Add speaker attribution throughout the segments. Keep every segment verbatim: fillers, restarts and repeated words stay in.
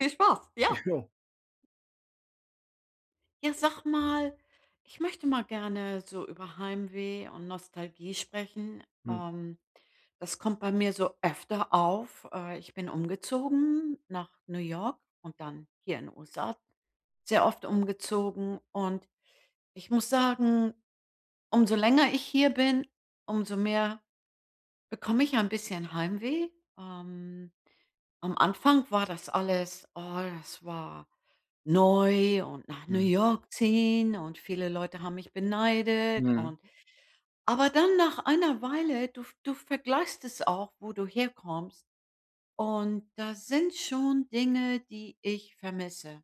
Speaker 1: Viel Spaß, ja.
Speaker 2: Ja.
Speaker 1: Ja, sag mal, ich möchte mal gerne so über Heimweh und Nostalgie sprechen.
Speaker 2: Mhm.
Speaker 1: Ähm. Das kommt bei mir so öfter auf. Äh, ich bin umgezogen nach New York und dann hier in 'n USA sehr oft umgezogen und ich muss sagen, umso länger ich hier bin, umso mehr bekomme ich ein bisschen Heimweh. Ähm, am Anfang war das alles oh, das war neu und nach New
Speaker 2: Mhm.
Speaker 1: York ziehen, und viele Leute haben mich beneidet
Speaker 2: Mhm.
Speaker 1: und aber dann nach einer Weile, du v du vergleichst es auch, wo du herkommst, und da sind schon Dinge, die ich vermisse.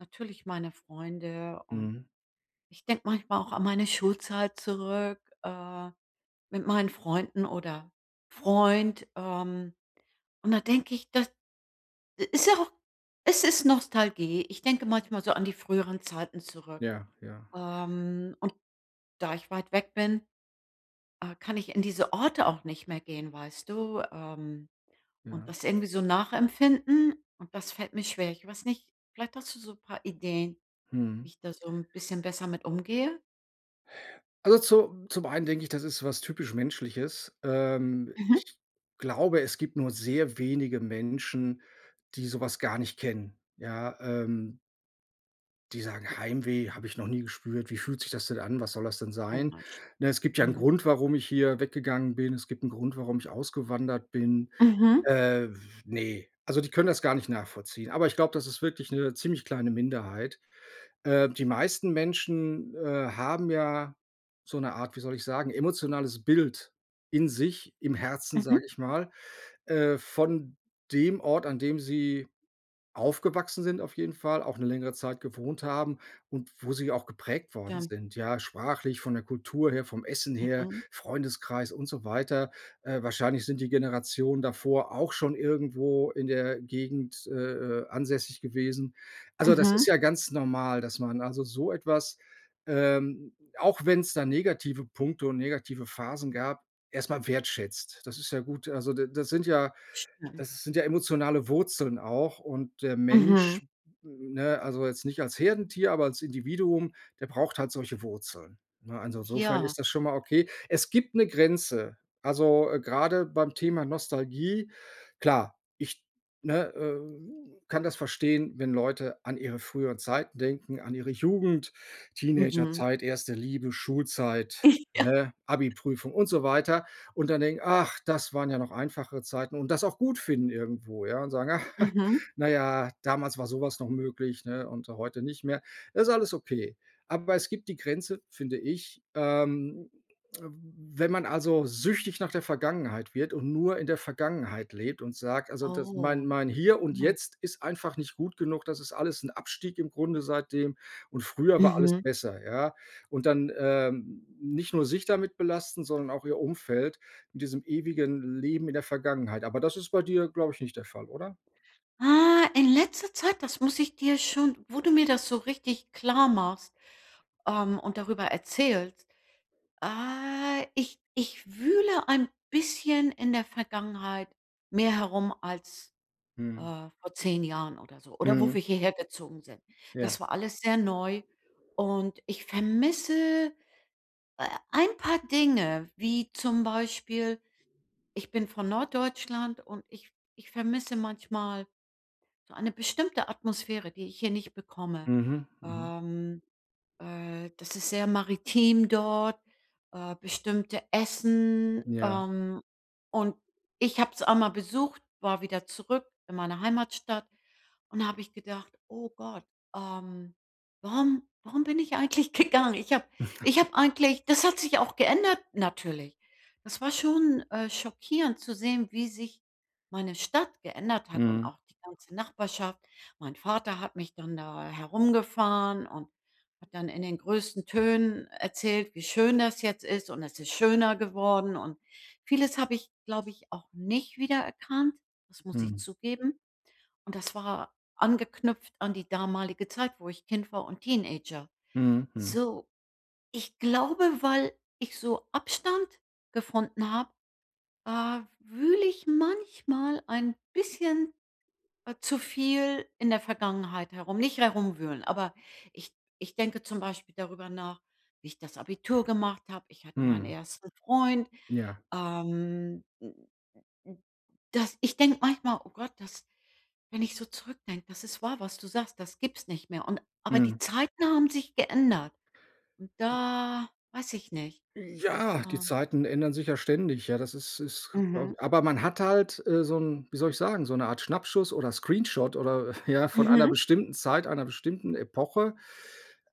Speaker 1: Natürlich meine Freunde, und
Speaker 2: Mhm.
Speaker 1: ich denke manchmal auch an meine Schulzeit zurück, äh, mit meinen Freunden oder Freund, ähm, und da denke ich, das ist ja auch es ist Nostalgie. Ich denke manchmal so an die früheren Zeiten zurück,
Speaker 2: Ja, ja.
Speaker 1: ähm, und da ich weit weg bin, äh, kann ich in diese Orte auch nicht mehr gehen, weißt du? Ähm, und
Speaker 2: Ja.
Speaker 1: das irgendwie so nachempfinden, und das fällt mir schwer. Ich weiß nicht, vielleicht hast du so 'n paar Ideen, wie
Speaker 2: Mhm.
Speaker 1: ich da so 'n bisschen besser mit umgehe?
Speaker 2: Also, zu zum einen denke ich, das ist was typisch Menschliches. Ähm,
Speaker 1: Mhm.
Speaker 2: ich glaube, es gibt nur sehr wenige Menschen, die sowas gar nicht kennen, ja, ähm Die sagen: „Heimweh habe ich noch nie gespürt, wie fühlt sich das denn an, was soll das denn sein?“
Speaker 1: Komisch,
Speaker 2: Ne, es gibt ja 'nen
Speaker 1: mhm.
Speaker 2: Grund, warum ich hier weggegangen bin. Es gibt 'nen Grund, warum ich ausgewandert bin.
Speaker 1: Mhm.
Speaker 2: Äh, w ne, also, die können das gar nicht nachvollziehen. Aber ich glaube, das ist wirklich 'ne ziemlich kleine Minderheit. Äh, die meisten Menschen, äh, haben ja so 'ne Art, wie soll ich sagen, emotionales Bild in sich, im Herzen,
Speaker 1: Mhm.
Speaker 2: sage ich mal, äh, von dem Ort, an dem sie aufgewachsen sind auf jeden Fall, auch 'ne längere Zeit gewohnt haben und wo sie auch geprägt worden
Speaker 1: Stimmt.
Speaker 2: sind, ja? Sprachlich, von der Kultur her, vom Essen her,
Speaker 1: Mhm.
Speaker 2: Freundeskreis und so weiter. Äh, wahrscheinlich sind die Generationen davor auch schon irgendwo in der Gegend, äh, äh, ansässig gewesen. Also, das ist
Speaker 1: Mhm.
Speaker 2: ja ganz normal, dass man also, so etwas, ähm, auch wenn's da negative Punkte und negative Phasen gab, erst mal wertschätzt. Das ist ja gut. Also, d da sind ja
Speaker 1: Stimmt.
Speaker 2: das sind ja emotionale Wurzeln auch und der
Speaker 1: Mhm.
Speaker 2: Mensch- ne, also, jetzt nicht als Herdentier, aber als Individuum- der braucht halt solche Wurzeln. Ne, also, insofern
Speaker 1: Ja.
Speaker 2: ist das schon mal okay. Es gibt 'ne Grenze. Also, grade beim Thema Nostalgie, klar, ich ne, äh, kann das verstehen, wenn Leute an ihre früheren Zeiten denken, an ihre Jugend,
Speaker 1: Mhm.
Speaker 2: Teenagerzeit, erste Liebe, Schulzeit,
Speaker 1: Ja.
Speaker 2: ne, Abiprüfung und so weiter. Und dann denken: „Ach, das waren ja noch einfachere Zeiten“ und das auch gut finden irgendwo, ja? Und sagen:
Speaker 1: Mhm.
Speaker 2: „Na ja, damals war so was noch möglich, ne, und heute nicht mehr.“ Ist alles okay, aber es gibt die Grenze, finde ich, ähm, wenn man, also, süchtig nach der Vergangenheit wird und nur in der Vergangenheit lebt und sagt: „Also, das
Speaker 1: Oh,
Speaker 2: mein mein Hier und
Speaker 1: mhm.
Speaker 2: Jetzt ist einfach nicht gut genug. Das ist alles 'n Abstieg im Grunde seitdem und früher war alles
Speaker 1: Mhm.
Speaker 2: besser“, ja? Und dann, ähm, nicht nur sich damit belasten, sondern auch ihr Umfeld in diesem ewigen Leben in der Vergangenheit. Aber das ist bei dir, glaube ich, nicht der Fall, oder?
Speaker 1: Ah, in letzter Zeit, das muss ich dir schon wo du mir das so richtig klar machst, ähm, und darüber erzählst äh, ich ich wühle ein bisschen in der Vergangenheit mehr herum als, äh,
Speaker 2: Mhm.
Speaker 1: vor zehn Jahren oder so oder wo
Speaker 2: Mhm.
Speaker 1: wir hier her gezogen sind. Das
Speaker 2: Ja.
Speaker 1: war alles sehr neu und ich vermisse, äh, ein paar Dinge, wie zum Beispiel ich bin von Norddeutschland und ich ich vermisse manchmal so eine bestimmte Atmosphäre, die ich hier nicht bekomme.
Speaker 2: Mhm, mhm.
Speaker 1: Ähm, äh, das ist sehr maritim dort, äh, bestimmte Essen,
Speaker 2: Ja.
Speaker 1: ähm, und ich habe es auch mal besucht, war wieder zurück in meiner Heimatstadt und da habe ich gedacht: „Oh Gott, ähm, warum warum bin ich eigentlich gegangen? Ich habe ich habe eigentlich das hat sich auch geändert natürlich. Das war schon, äh, schockierend zu sehen, wie sich meine Stadt geändert hat und
Speaker 2: Mhm.
Speaker 1: auch die ganze Nachbarschaft. Mein Vater hat mich dann da herumgefahren und hat dann in den größten Tönen erzählt, wie schön das jetzt ist und es ist schöner geworden. Und vieles habe ich, glaube ich, auch nicht wiedererkannt, das muss ich
Speaker 2: Mhm.
Speaker 1: zugeben. Und das war angeknüpft an die damalige Zeit, wo ich Kind war und Teenager.
Speaker 2: Mhm, mhm.
Speaker 1: So, ich glaube, weil ich so Abstand gefunden habe, äh, w wühle ich manchmal ein bisschen, äh, zu viel in der Vergangenheit herum. Nicht herumwühlen, aber ich ich denke zum Beispiel darüber nach, wie ich das Abitur gemacht habe. Ich hatte meinen
Speaker 2: Mhm.
Speaker 1: ersten Freund.
Speaker 2: Ja.
Speaker 1: Ähm, das ich denke manchmal: „Oh Gott, das“ wenn ich so zurückdenke, das ist wahr, was du sagst, das gibt's nicht mehr. Und aber die
Speaker 2: Mhm.
Speaker 1: Zeiten haben sich geändert und da weiß ich nicht,
Speaker 2: Ja, die
Speaker 1: ähm
Speaker 2: Zeiten ändern sich ja ständig, ja das ist ist glaube
Speaker 1: Mhm.
Speaker 2: ich aber man hat halt, äh, so 'n, wie soll ich sagen so 'ne Art Schnappschuss oder Screenshot oder, ja, von einer
Speaker 1: Mhm.
Speaker 2: bestimmten Zeit, einer bestimmten Epoche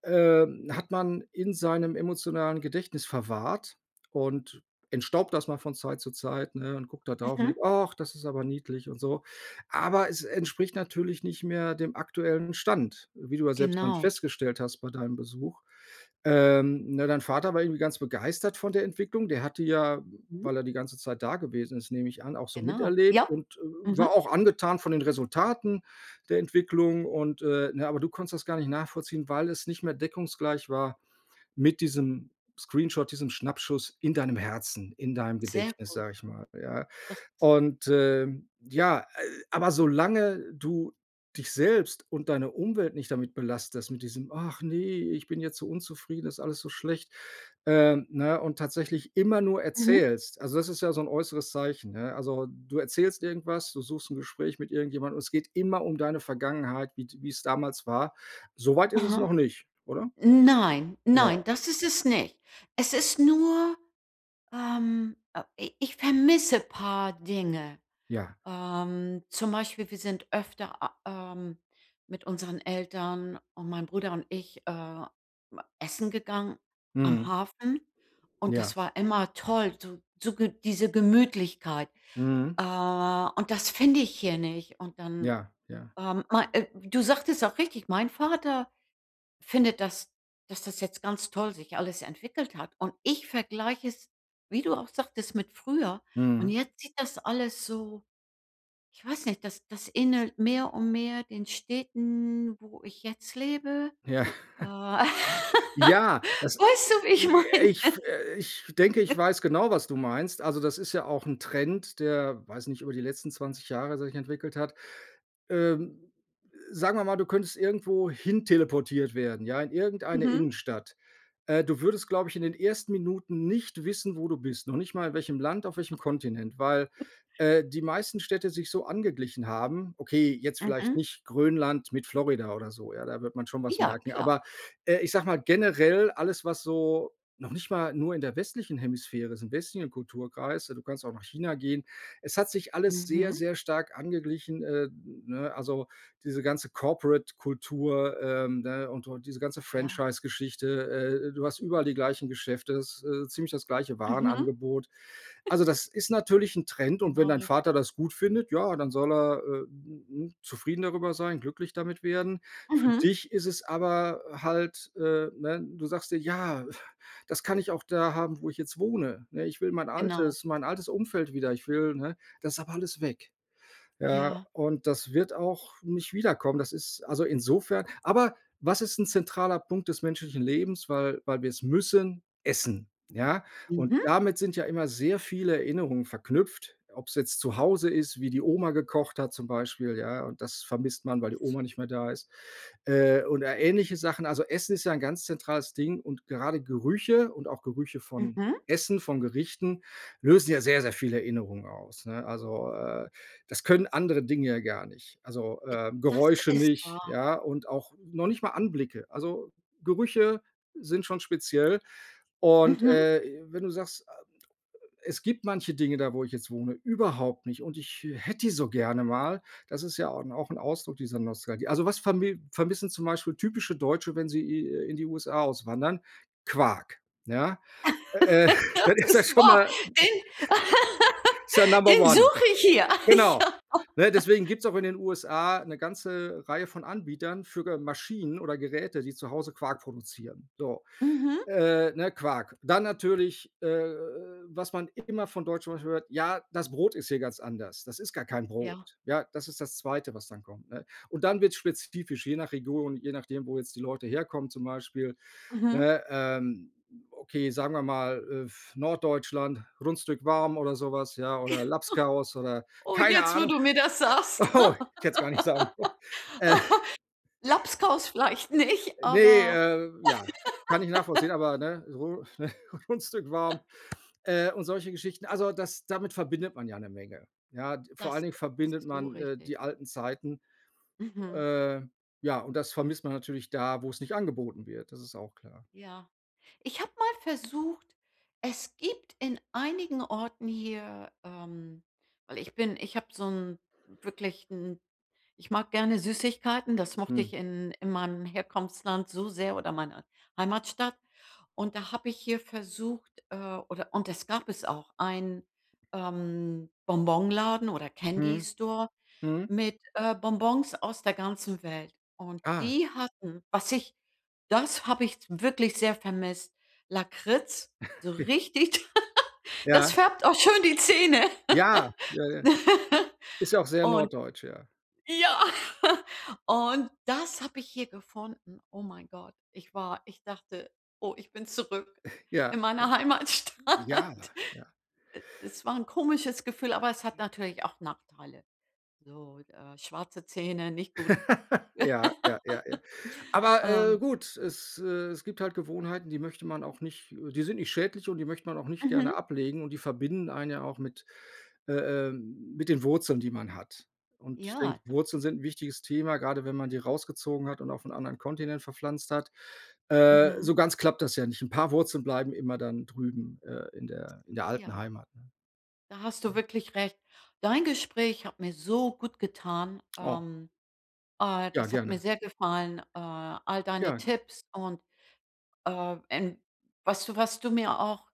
Speaker 2: äh, hat man in seinem emotionalen Gedächtnis verwahrt und entstaubt das mal von Zeit zu Zeit, ne, und guckt da drauf und
Speaker 1: Mhm.
Speaker 2: denkt: „Ach, das ist aber niedlich“ und so. Aber es entspricht natürlich nicht mehr dem aktuellen Stand, wie du ja selbst dann
Speaker 1: Genau.
Speaker 2: festgestellt hast bei deinem Besuch. Ähm, ne, dein Vater war irgendwie ganz begeistert von der Entwicklung. Der hatte ja,
Speaker 1: Mhm.
Speaker 2: weil er die ganze Zeit da gewesen ist, nehme ich an, auch so
Speaker 1: Genau,
Speaker 2: miterlebt
Speaker 1: ja,
Speaker 2: und war
Speaker 1: mhm.
Speaker 2: auch angetan von den Resultaten der Entwicklung. Und, äh, ne, aber du konntest das gar nicht nachvollziehen, weil es nicht mehr deckungsgleich war mit diesem Screenshot, diesem Schnappschuss in deinem Herzen, in deinem
Speaker 1: Sehr
Speaker 2: Gedächtnis,
Speaker 1: gut.
Speaker 2: sage ich mal, ja.
Speaker 1: Das ist
Speaker 2: Und, ähm, ja, äh, aber solange du dich selbst und deine Umwelt nicht damit belastest mit diesem: „Ach, ne, ich bin jetzt so unzufrieden, ist alles so schlecht.“ Ähm, ne, und tatsächlich immer nur
Speaker 1: Mhm.
Speaker 2: erzählst also, das ist ja so 'n äußeres Zeichen, ne? Also, du erzählst irgendwas, du suchst 'n Gespräch mit irgendjemandem und es geht immer um deine Vergangenheit, wie d wie's damals war. So weit ist es
Speaker 1: Aha.
Speaker 2: noch nicht, oder?
Speaker 1: Nein, nein,
Speaker 2: Genau.
Speaker 1: das ist es nicht. Es ist nur, ähm, äh, i ich vermisse paar Dinge.
Speaker 2: Ja.
Speaker 1: Ähm, zum Beispiel, wir sind öfter, a ähm, mit unseren Eltern und meinem Bruder und ich, ähm, essen gegangen am
Speaker 2: Mhm.
Speaker 1: Hafen und das
Speaker 2: Ja.
Speaker 1: war immer toll, so so G diese Gemütlichkeit.
Speaker 2: Mhm.
Speaker 1: Äh, und das finde ich hier nicht. Und dann,
Speaker 2: Ja, ja.
Speaker 1: ähm, ma äh, du sagtest auch richtig, mein Vater findet, dass dass das jetzt ganz toll sich alles entwickelt hat und ich vergleiche es, wie du auch sagtest, mit früher. Und
Speaker 2: Mhm.
Speaker 1: jetzt sieht das alles so, ich weiß nicht das das ähnelt mehr und mehr den Städten, wo ich jetzt lebe.
Speaker 2: Ja.
Speaker 1: Weißt
Speaker 2: Ja, das
Speaker 1: du, wie ich
Speaker 2: äh,
Speaker 1: meine?
Speaker 2: ich f ich denke, ich weiß genau, was du meinst. Also, das ist ja auch 'n Trend, der, weiß nicht, über die letzten zwanzig Jahre sich entwickelt hat. Ähm, äh, sagen wir mal, du könntest irgendwo hin teleportiert werden, ja, in irgendeine
Speaker 1: Mhm.
Speaker 2: Innenstadt. Äh, du würdest, glaube ich in den ersten Minuten nicht wissen, wo du bist, noch nicht mal welchem Land auf welchem
Speaker 1: [unintelligible]
Speaker 2: Kontinent, weil, äh, die meisten Städte sich so angeglichen haben. Okay, jetzt vielleicht
Speaker 1: Mhm.
Speaker 2: nicht Grönland mit Florida oder so, ja? Da wird man schon was
Speaker 1: Ja,
Speaker 2: merken.
Speaker 1: klar.
Speaker 2: Aber, äh, ich sage mal, generell alles was so noch nicht mal nur in der westlichen Hemisphäre ist im westlichen Kulturkreis, ja, du kannst auch nach China gehen. Es hat sich alles sehr,
Speaker 1: Mhm.
Speaker 2: sehr stark angeglichen, äh, ne? Also, diese ganze Corporate-Kultur, ähm, ne, und und diese ganze
Speaker 1: Ja.
Speaker 2: Franchise-Geschichte. Äh, du hast überall die gleichen Geschäfte, ist, äh, ziemlich das gleiche
Speaker 1: Mhm.
Speaker 2: Warenangebot. Also, das ist natürlich 'n Trend und wenn
Speaker 1: Genau
Speaker 2: dein
Speaker 1: richtig.
Speaker 2: Vater das gut findet, ja, dann soll er, äh, hm, hm, zufrieden darüber sein, glücklich damit werden. Für
Speaker 1: Mhm.
Speaker 2: dich ist es aber halt, äh ne, du sagst dir: „Ja, das kann ich auch da haben, wo ich jetzt wohne, ne? Ich will mein
Speaker 1: Genau.
Speaker 2: altes mein altes Umfeld wieder. Ich will, ne“ das ist aber alles weg. Ja,
Speaker 1: Ja.
Speaker 2: und das wird auch nicht wiederkommen. Das ist also, insofern aber was ist 'n zentraler Punkt des menschlichen Lebens, weil weil wir es müssen? Essen, ja. Und
Speaker 1: Mhm.
Speaker 2: damit sind ja immer sehr viele Erinnerungen verknüpft, ob's jetzt zu Hause ist, wie die Oma gekocht hat zum Beispiel, ja, und das vermisst man, weil die Oma
Speaker 1: [unintelligible]
Speaker 2: nicht mehr da ist, äh, oder ähnliche Sachen. Also, Essen ist ja ein ganz zentrales Ding und gerade Gerüche und auch Gerüche von
Speaker 1: Mhm.
Speaker 2: Essen, von Gerichten, lösen ja sehr sehr viele Erinnerungen aus, ne? Also, äh, das können andere Dinge ja gar nicht. Also,
Speaker 1: Äh,
Speaker 2: äh,
Speaker 1: das
Speaker 2: Geräusche
Speaker 1: ist
Speaker 2: nicht,
Speaker 1: wahr.
Speaker 2: ja, und auch noch nicht mal Anblicke. Also, Gerüche sind schon speziell und,
Speaker 1: Mhm.
Speaker 2: äh, wenn du sagst, es gibt manche Dinge, da wo ich jetzt wohne, überhaupt nicht und ich hätte die so gerne mal, das ist ja au 'n auch 'n Ausdruck dieser Nostalgie. Also, was vermi vermissen zum Beispiel typische Deutsche, wenn sie i in die USA auswandern? Quark, ja. Äh,
Speaker 1: Das
Speaker 2: das ist ja
Speaker 1: ist
Speaker 2: schon
Speaker 1: wahr.
Speaker 2: mal Ist ja Number
Speaker 1: Den
Speaker 2: one.
Speaker 1: suche ich hier. Ah,
Speaker 2: Genau,
Speaker 1: ja.
Speaker 2: ne, deswegen gibt's auch in den USA 'ne ganze Reihe von Anbietern für ga Maschinen oder Geräte, die zu Hause Quark produzieren. So,
Speaker 1: Mhm.
Speaker 2: äh, ne, Quark. Dann natürlich, äh, was man immer von Deutschen zum Beispiel hört: „Ja, das Brot ist hier ganz anders. Das ist gar kein
Speaker 1: Ja.
Speaker 2: Brot“, ja? Das ist das Zweite, was dann kommt, ne? Und dann wird's spezifisch, je nach Region, je nachdem, wo jetzt die Leute herkommen zum Beispiel,
Speaker 1: Mhm.
Speaker 2: ne? Ähm, okay, sagen wir mal, äh, f Norddeutschland, Rundstück warm oder so was, ja
Speaker 1: Ja.
Speaker 2: oder Labskaus oder
Speaker 1: Oh
Speaker 2: keine
Speaker 1: jetzt, wo
Speaker 2: Ahnung.
Speaker 1: du mir das sagst.
Speaker 2: Oh, ich hätte es gar nicht sagen sollen, äh.
Speaker 1: Labskaus vielleicht nicht,
Speaker 2: Ne,
Speaker 1: aber.
Speaker 2: äh, ja, kann ich nachvollziehen, aber, ne, Run ne, Rundstück warm, äh, und solche Geschichten. Also, das damit verbindet man ja 'ne Menge. Ja, vor allen
Speaker 1: Das,
Speaker 2: Dingen
Speaker 1: äh,
Speaker 2: verbindet
Speaker 1: ist so
Speaker 2: man, äh,
Speaker 1: richtig.
Speaker 2: die alten Zeiten.
Speaker 1: Mhm.
Speaker 2: Ähm, ja, und das vermisst man natürlich da, wo's nicht angeboten wird. Das ist auch klar.
Speaker 1: Ja, ich habe mal versucht es gibt in einigen Orten hier, ähm weil ich bin ich habe so 'n wirklich 'n, ich mag gerne Süßigkeiten, das mochte ich
Speaker 2: Mhm.
Speaker 1: in in meinem Herkunftsland so sehr oder meiner Heimatstadt. Und da habe ich hier versucht, äh oder und es gab es auch einen, ähm, Bonbonladen oder Candy
Speaker 2: Mhm,
Speaker 1: Store
Speaker 2: mhm.
Speaker 1: mit, äh, Bonbons aus der ganzen Welt. Und
Speaker 2: Ah.
Speaker 1: die hatten, was ich das habe ich s wirklich sehr vermisst, Lakritz, so richtig
Speaker 2: Ja.
Speaker 1: Das färbt auch schon die Zähne.
Speaker 2: Ja, äh, ist ja auch sehr
Speaker 1: Und
Speaker 2: norddeutsch, ja.
Speaker 1: ja, und das habe ich hier gefunden, oh mein Gott. Ich war ich dachte: „Oh, ich bin zurück in
Speaker 2: Ja, ja.
Speaker 1: meiner
Speaker 2: Ja,
Speaker 1: Heimatstadt.“
Speaker 2: ja.
Speaker 1: E es war 'n komisches Gefühl, aber es hat natürlich auch Nachteile. So, äh, schwarze Zähne, nicht gut,
Speaker 2: Ja, ja, ja, ja. Aber, äh,
Speaker 1: ähm
Speaker 2: gut, es äh, es gibt halt Gewohnheiten, die möchte man auch nicht die sind nicht schädlich und die möchte man auch nicht gerne
Speaker 1: Mhm.
Speaker 2: ablegen und die verbinden einen ja auch mit, äh, äh mit den Wurzeln, die man hat. Und ich
Speaker 1: Ja.
Speaker 2: denke Wurzeln sind 'n wichtiges Thema, grade wenn man die rausgezogen hat und auf 'n anderen Kontinent verpflanzt hat. Äh,
Speaker 1: Mhm.
Speaker 2: so ganz klappt das ja nicht. 'N paar Wurzeln bleiben immer dann drüben, äh, in der in der alten
Speaker 1: Ja.
Speaker 2: Heimat, ne,
Speaker 1: Da hast du
Speaker 2: ja.
Speaker 1: wirklich recht. Dein Gespräch hat mir so gut getan.
Speaker 2: Oh.
Speaker 1: Ähm, äh,
Speaker 2: Ja,
Speaker 1: das hat mir
Speaker 2: gerne.
Speaker 1: sehr gefallen, äh, all deine
Speaker 2: Ja.
Speaker 1: Tipps und, äh, ähm, was du was du mir auch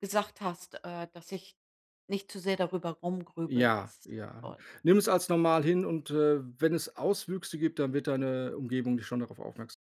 Speaker 1: gesagt hast, äh, dass ich nicht zu sehr darüber rumgrübel, das
Speaker 2: Ja,
Speaker 1: ist
Speaker 2: ja.
Speaker 1: toll.
Speaker 2: Nimm's als normal hin und, äh, wenn es Auswüchse gibt, dann wird deine Umgebung nicht schon darauf aufmerks